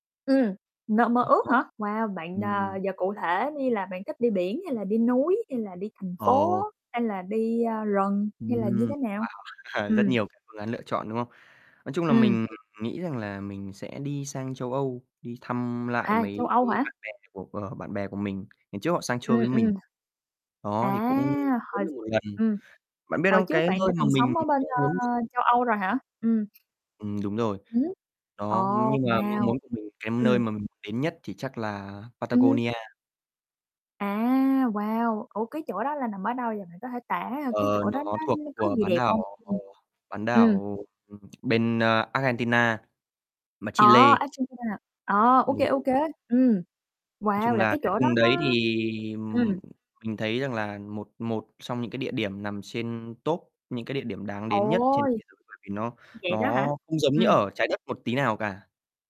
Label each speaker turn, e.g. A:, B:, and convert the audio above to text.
A: Ừm, nơi mơ
B: Ơ,
A: ước
B: nó
A: hả? Wow, bạn, à,
B: ừm.
A: giờ cụ thể đi là bạn thích đi biển hay là đi núi, hay là đi thành phố,
B: Ồ.
A: hay là đi, a, rừng,
B: Ừm,
A: hay là như
B: wow,
A: thế nào?
B: rất
A: Ừm.
B: nhiều cái phương án lựa chọn, đúng không? Nói chung là
A: Ừm.
B: mình nghĩ rằng là mình sẽ đi sang châu Âu, đi thăm lại
A: À! Châu
B: mấy
A: Âu
B: cái
A: hả?
B: bạn bè của của bạn bè của mình, ngày trước họ sang chơi
A: Ừm,
B: với mình.
A: ừm.
B: Đó thì
A: À!
B: cũng muốn
A: Hồi s
B: được 1 lần.
A: ừm,
B: Bạn biết
A: hồi
B: không? Cái
A: trước bạn đã
B: nơi mà
A: từng
B: mình
A: sống ở bên,
B: mong muốn
A: ơ,
B: được
A: châu Âu rồi hả? Ừm.
B: Ừm, đúng rồi.
A: Ừm. Ồ,
B: Đó, ừm, nhưng mà mong
A: wow!
B: muốn của mình, cái nơi
A: Ừm.
B: mà mình muốn đến nhất thì chắc là
A: Ừm.
B: Patagonia.
A: À! Wow! Ủa cái chỗ đó là nằm ở đâu vậy? Bạn có thể tả cái
B: Ờ,
A: chỗ đó
B: nó thuộc
A: nó nó có
B: của
A: gì
B: bán
A: đẹp hông?
B: đảo, ờ,
A: Ừm.
B: bán
A: Ừm.
B: đảo, ờ, ừm, bên, a, Argentina, mà
A: Ờ,
B: Chile.
A: Argentina à? Ờ! Ô
B: Mình
A: kê, ô
B: [unintelligible]
A: kê. Ừm,
B: Nói
A: wow!
B: chung
A: Là
B: là
A: cái
B: cái
A: chỗ đó
B: vùng đấy
A: nó
B: thì
A: ừm.
B: mình thấy rằng là một một xong những cái địa điểm nằm trên top những cái địa điểm đáng đến nhất trên
A: Ôi!
B: thế giới bởi vì nó
A: Vậy đó
B: nó
A: hả?
B: không giống như
A: Ừm.
B: ở Trái Đất một tí nào cả.